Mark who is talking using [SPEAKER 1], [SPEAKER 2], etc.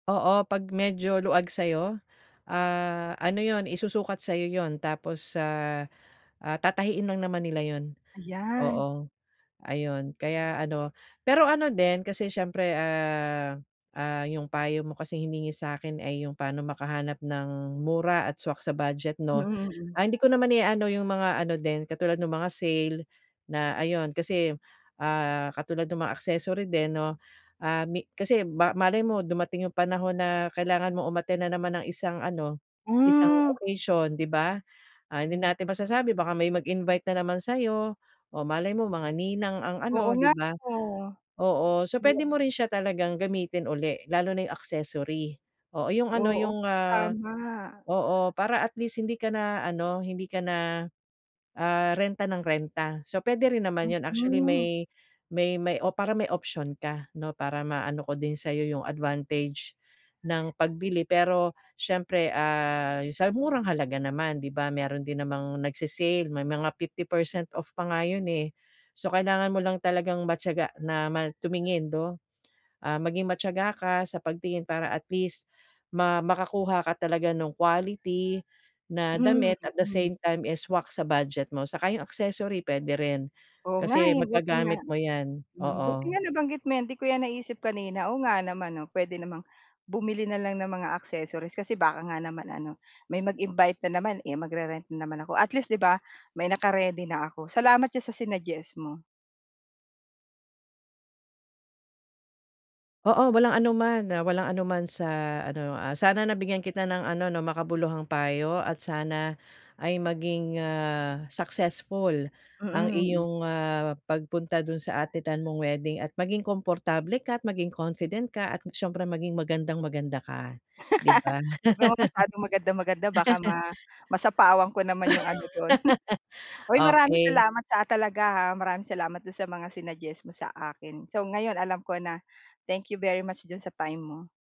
[SPEAKER 1] Oo. 'Pag medyo luwag sayo, ah, ano yun, isusukat sa'yo yun, tapos sa, ah, tatahiin lang naman nila yun.
[SPEAKER 2] Ayan.
[SPEAKER 1] Oo. Ayun, kaya ano, pero ano din kasi siyempre, ah, ah, yung payo mo kasing hiningi sa'kin ay yung pano makahanap ng mura at swak sa budget
[SPEAKER 2] Mm,
[SPEAKER 1] 'no?
[SPEAKER 2] mm.
[SPEAKER 1] Ah, hindi ko naman i-aano yung mga ano din, katulad nung mga sale, na ayun kasi, ah, katulad nung mga accessory din 'no, ah, may kasi ba malay mo dumating yung panahon na kailangan mo umattend na naman ng isang ano, isang
[SPEAKER 2] Mm.
[SPEAKER 1] occasion, 'di ba? Ah, hindi natin masasabi baka may mag invite na naman sa'yo, o malay mo mga ninang ang
[SPEAKER 2] Oo
[SPEAKER 1] ano, 'di
[SPEAKER 2] nga
[SPEAKER 1] ba?
[SPEAKER 2] 'no.
[SPEAKER 1] Oo. So, pwede mo rin siya talagang gamitin ulit, lalo na yung accessory. Oo, yung ano,
[SPEAKER 2] Oo.
[SPEAKER 1] yung, ah,
[SPEAKER 2] Tama.
[SPEAKER 1] oo, para at least hindi ka na ano, hindi ka na, ah, renta nang renta. So, pwede rin naman yun actually
[SPEAKER 2] Mm.
[SPEAKER 1] may may may o para may option ka 'no? Para maano ko din sayo yung advantage ng pagbili. Pero siyempre, ah, sa murang halaga naman, 'di ba? Meron din namang nagse-sale may mga 50% off pa nga yun, eh. So, kailangan mo lang talagang matiyaga na ma tumingin 'no? Ah, maging matiyaga ka sa pagtingin para at least ma makakuha ka talaga nung quality na damit, at the
[SPEAKER 2] Mm.
[SPEAKER 1] same time is swak sa budget mo, saka yung accessory pwede rin,
[SPEAKER 2] Oo nga,
[SPEAKER 1] kasi
[SPEAKER 2] eh, buti nga.
[SPEAKER 1] maggagamit mo yan,
[SPEAKER 2] Mm, buti
[SPEAKER 1] oo.
[SPEAKER 2] nga nabanggit mo 'yan, 'di ko yan naisip kanina, oo nga naman 'no, puwede namang bumili na lang ng mga accessories, kasi baka nga naman ano, may mag-invite na naman, eh, mag-re-rent na naman ako. At least, 'di ba? May naka-ready na ako. Salamat diyan sa sinuggest mo.
[SPEAKER 1] Oo. Walang anuman, ah, walang anunaman sa ano, ah, sana nabigyan kita ng ano 'no, makabuluhang payo at sana ay maging, ah, successful ang
[SPEAKER 2] Mm, mm.
[SPEAKER 1] iyong, ah, pagpunta dun sa attendan mong wedding at maging komportable ka, at maging confident ka, at s'yempre maging magandang-maganda ka, 'di ba?
[SPEAKER 2] Huwag naman masyadong magandang-maganda baka ma masapawan ko naman yung ano dun. Hoy, maraming
[SPEAKER 1] Okay.
[SPEAKER 2] salamat, ah, talaga, ha. Maraming salamat dun sa mga sinuggest mo sa akin. So, ngayon alam ko na. Thank you very much diyan sa time mo.